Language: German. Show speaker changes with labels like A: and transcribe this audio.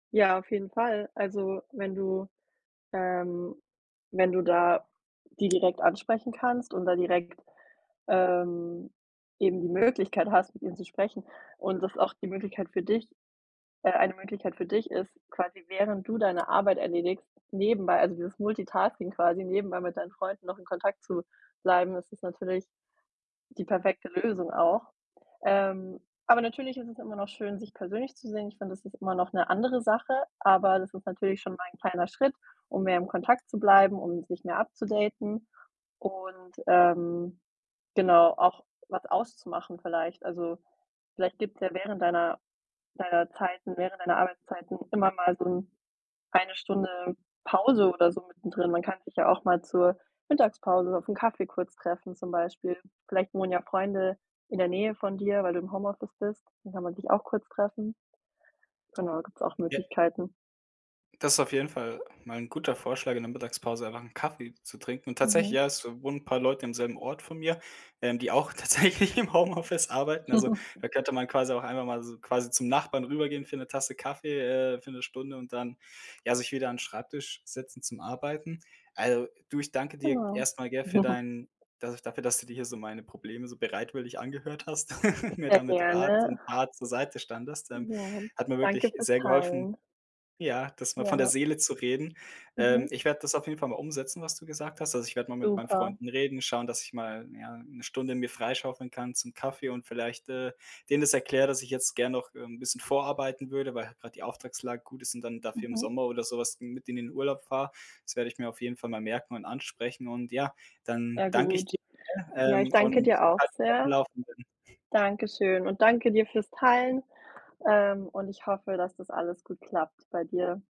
A: Ja, auf jeden Fall. Also, wenn du, ähm wenn du da die direkt ansprechen kannst und da direkt, ähm, eben die Möglichkeit hast, mit ihnen zu sprechen und das auch die Möglichkeit für dich äh, eine Möglichkeit für dich ist, quasi während du deine Arbeit erledigst, nebenbei also, dieses Multitasking quasi, nebenbei mit deinen Freunden noch in Kontakt zu bleiben, das ist natürlich die perfekte Lösung auch. Ähm, aber natürlich ist es immer noch schön, sich persönlich zu sehen. Ich finde, das ist immer noch 'ne andere Sache, aber das ist natürlich schon mal 'n kleiner Schritt, um mehr im Kontakt zu bleiben, um sich mehr upzudaten und, ähm, genau, auch was auszumachen vielleicht. Also, vielleicht gibt's ja während deiner deiner Zeiten während deiner Arbeitszeiten immer mal so 'n eine Stunde Pause oder so mittendrin. Man kann sich ja auch mal zur Mittagspause auf 'n Kaffee kurz treffen zum Beispiel. Vielleicht wohnen ja Freunde in der Nähe von dir, weil du im Homeoffice bist. Dann kann man dich auch kurz treffen. Genau, da gibt's auch
B: Ja.
A: Möglichkeiten.
B: Das ist auf jeden Fall mal 'n guter Vorschlag, in der Mittagspause einfach 'n Kaffee zu trinken. Und tatsächlich,
A: Mhm.
B: ja, es wohnen paar Leute am selben Ort von mir, ähm, die auch tatsächlich im Homeoffice arbeiten. Also, da könnte man quasi auch einfach mal so quasi zum Nachbarn rübergehen für 'ne Tasse Kaffee, äh, für 'ne Stunde und dann, ja, sich wieder an Schreibtisch setzen zum Arbeiten. Also, du, ich danke dir
A: Genau.
B: erst mal, gell, für dein da dafür, dass du dir hier so meine Probleme so bereitwillig angehört hast und mir da
A: Sehr
B: mit Rat
A: gerne.
B: und Tat zur Seite standest. Ähm,
A: Ja.
B: hat mir wirklich
A: Danke für's
B: sehr geholfen,
A: Teilen.
B: ja, das mal von der
A: Ja.
B: Seele zu reden. Ähm,
A: Mhm.
B: ich werde das auf jeden Fall mal umsetzen, was du gesagt hast. Also, ich werde mal mit meinen
A: Super.
B: Freunden reden, schauen, dass ich mal, ja, 'ne Stunde mir freischaufeln kann zum Kaffee und vielleicht, äh, denen das erkläre, dass ich jetzt gern noch, ähm, 'n bisschen vorarbeiten würde, weil halt grad die Auftragslage gut ist und dann dafür im
A: Mhm.
B: Sommer oder so was mit denen in Urlaub fahre. Das werde ich mir auf jeden Fall mal merken und ansprechen. Und ja, dann
A: Sehr
B: danke ich
A: gut.
B: dir,
A: Ja, ich
B: ähm,
A: danke
B: und
A: dir auch
B: halt mich auf dem
A: sehr.
B: Laufenden.
A: Dankeschön und danke dir für's Teilen, ähm, und ich hoffe, dass das alles gut klappt bei dir.